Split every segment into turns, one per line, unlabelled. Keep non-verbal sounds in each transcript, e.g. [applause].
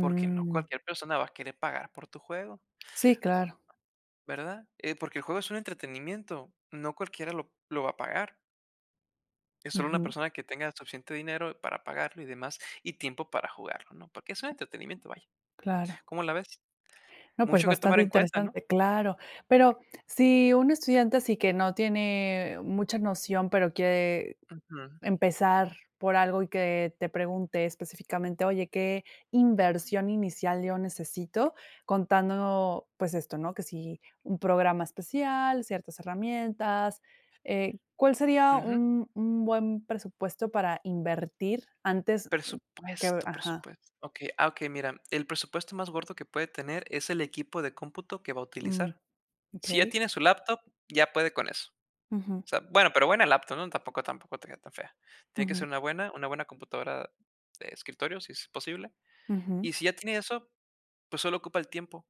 Porque no cualquier persona va a querer pagar por tu juego.
Sí, claro.
Va ¿Verdad? Eh, porque el juego es un entretenimiento, no cualquiera lo lo va a pagar. Es solo una
Ujú.
persona que tenga suficiente dinero para pagarlo y demás y tiempo para jugarlo, ¿no? Porque es un entretenimiento, vaya.
Claro.
¿Cómo la ves?
No, pues
Mucho que tomar
bastante
en cuenta, ¿no?
interesante, claro. Pero si un estudiante así que no tiene mucha noción, pero quiere
Ujú.
empezar por algo y que te pregunte específicamente: “Oye, ¿qué inversión inicial yo necesito?”, contando, pues esto, ¿no? Que si un programa especial, ciertas herramientas. Eh, ¿cuál sería
Ujú.
un un buen presupuesto para invertir, antes que?
Presupuesto,
Ajá.
presupuesto. Okey, ah, okey, mira, el presupuesto más gordo que puede tener es el equipo de cómputo que va a
Mm.
utilizar. Si ya
Okey.
tiene su laptop, ya puede con eso.
Ujú.
O sea, bueno, pero buena laptop, ¿no? Tampoco tampoco te que tan fea. Tiene que
Ujú.
ser una buena una buena computadora de escritorio, si es posible, y
Ujú.
si ya tiene eso, pues solo ocupa el tiempo.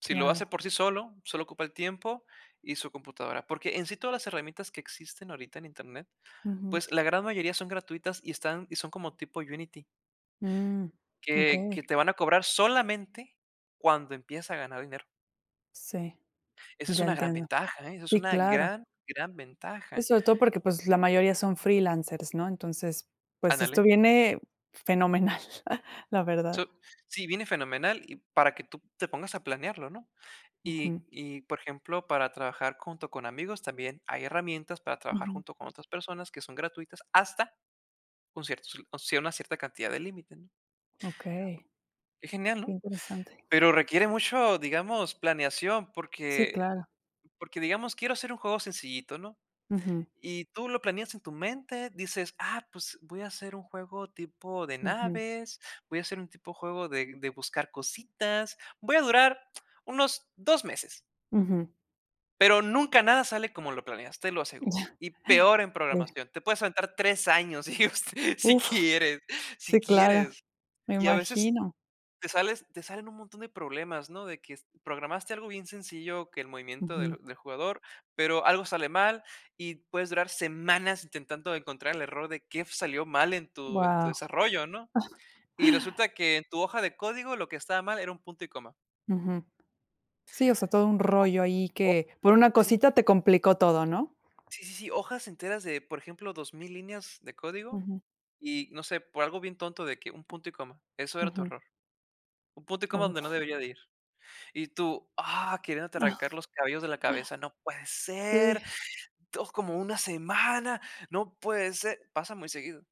Si lo hace
Claro.
por sí solo, solo ocupa el tiempo y su computadora porque, en sí, todas las herramientas que existen ahorita en internet,
Ujú.
pues la gran mayoría son gratuitas y están y son como tipo Unity
Mm.
que que
Okey.
te van a cobrar solamente cuando empiezas a ganar dinero.
Sí.
Esa es
Ya
una gran
entiendo.
ventaja, ¿eh? Eso es
Sí,
una
claro.
gran, gran
Y
ventaja.
sobre todo porque, pues, la mayoría son freelancers, ¿no? Entonces, pues esto
Ándale.
viene fenomenal. [chuckles] La verdad.
So sí, viene fenomenal y para que tú te pongas a planearlo, ¿no? Y
Ujú.
y, por ejemplo, para trabajar junto con amigos también hay herramientas para trabajar
Ujú.
junto con otras personas que son gratuitas hasta un cierto, o sea, una cierta cantidad de límite, ¿no?
Okey.
Qué genial,
Qué
¿no?
interesante.
Pero requiere mucho, digamos, planeación
Sí,
porque el
claro.
porque digamos, quiero hacer un juego sencillito, ¿no?
Ujú.
Y tú lo planeas en tu mente, dices: “Ah, pues voy a hacer un juego tipo de
Ujú.
naves, voy a hacer un tipo juego de de buscar cositas, voy a durar unos 2 meses”.
Ujú.
Pero nunca nada sale como lo planeaste, lo aseguro,
Ya
y peor en
Sí.
programación. Te puedes aventar 3 años y us si
Uf.
quieres. Si
Sí, claro.
quieres
Me
y, a veces,
imagino.
te sales te salen un montón de problemas, ¿no? de que programaste algo bien sencillo, que el movimiento del
Ujú.
del jugador, pero algo sale mal y puedes durar semanas intentando encontrar el error de qué f salió mal en tu en tu
Guau.
desarrollo, ¿no?
[chuckles]
Y resulta que en tu hoja de código lo que estaba mal era un punto y coma.
Ujú. Sí, o sea, todo un rollo ahí
O o
que por una
sí.
cosita te complicó todo, ¿no?
Sí, sí, sí, hojas enteras de, por ejemplo, 2000 líneas de código
Ujú.
y, no sé, por algo bien tonto de que un punto y coma. Eso era tu
Ujú.
error. Un punto y coma donde no
Uf.
debería de ir. Y tú, ¡ah! Queriéndote arrancar
[giggles]
los cabellos de la cabeza. ¡No puede ser!
Sí.
2 como 1 semana. ¡No puede ser! Pasa muy seguido.